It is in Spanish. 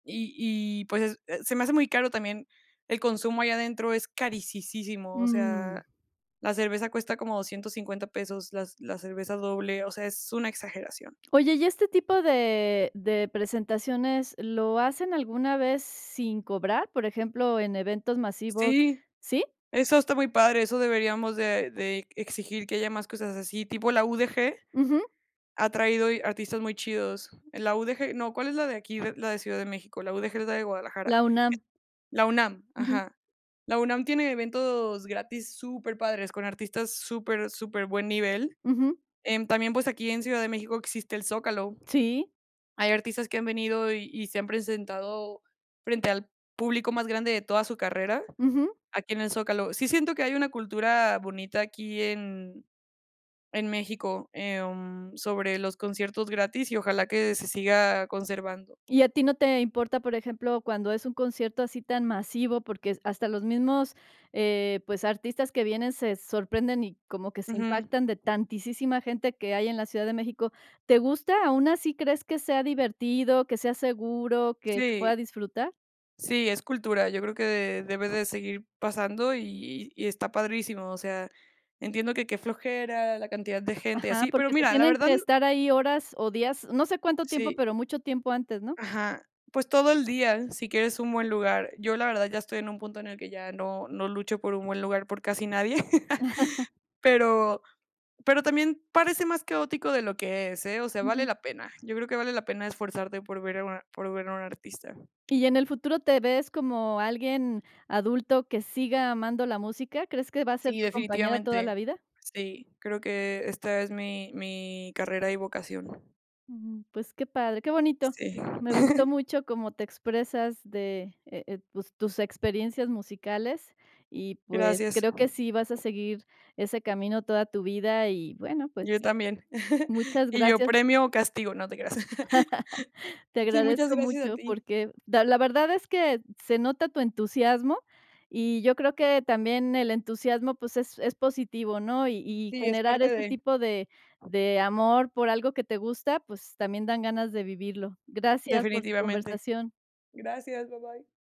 Y y, pues, eh, se me hace muy caro también el consumo ahí adentro, es carisisísimo. O Mm. sea, la cerveza cuesta como $250 pesos, las la cerveza doble, o sea, es una exageración. Oye, ¿y este tipo de de presentaciones lo hacen alguna vez sin cobrar? Por ejemplo, en eventos masivos, Sí, ¿sí? eso está muy padre. Eso deberíamos de de exigir, que haya más cosas así. Tipo la UDG Ujú. ha traído artistas muy chidos. La UDG no, ¿cuál es la de aquí de la de Ciudad de México? La UDG es la de Guadalajara. La UNAM. La UNAM, Ujú. ajá. La UNAM tiene eventos gratis superpadres con artistas super superbuen nivel. Ujú. En también, pues, aquí en Ciudad de México existe el Zócalo. Sí. Hay artistas que han venido, y y se han presentado frente al público más grande de toda su carrera Ujú. aquí en el Zócalo. Sí siento que hay una cultura bonita aquí en en México, em, sobre los conciertos gratis, y ojalá que se siga conservando. ¿Y a ti no te importa, por ejemplo, cuando es un concierto así tan masivo? Porque hasta los mismos, eh, pues, artistas que vienen se sorprenden, y como que se Ujú. impactan de tantisísima gente que hay en la Ciudad de México. ¿Te gusta? Aun así, ¿crees que sea divertido, que sea seguro, que se Sí. pueda disfrutar? Sí, es cultura, yo creo que debe de seguir pasando y y está padrísimo. O sea, entiendo que qué flojera la cantidad de gente y Ajá, así, pero porque se mira, la tienen verdad que estar ahí horas, o, días, no sé cuánto tiempo, Sí. pero mucho tiempo antes, ¿no? Ajá. Pues, todo el día si quieres un buen lugar. Yo, la verdad, ya estoy en un punto en el que ya no no lucho por un buen lugar por casi nadie, pero pero también parece más caótico de lo que es, ¿eh? O sea, vale Ujú. la pena. Yo creo que vale la pena esforzarte por ver a un a por ver a un artista. Y en el futuro, ¿te ves como alguien adulto que siga amando la música?, ¿crees que va a ser Sí, tu compañera toda la definitivamente. vida? Sí, creo que esta es mi mi carrera y vocación. Ujú. Pues, qué padre, ¡qué bonito! Sí. Me gustó mucho cómo te expresas de, eh, pues, tus experiencias musicales. Y, pues, Gracias. creo que sí vas a seguir ese camino toda tu vida, y, bueno, pues Yo también. muchas Y yo gracias premio o castigo, no te creas. te Sí, muchas agradezco gracias a mucho ti. porque da la verdad es que se nota tu entusiasmo, y yo creo que también el entusiasmo, pues, es es positivo, ¿no? Y y Sí, es generar parte este de. tipo de de amor por algo que te gusta, pues, también dan ganas de vivirlo. Gracias por tu Definitivamente. conversación. Gracias, bye, bye.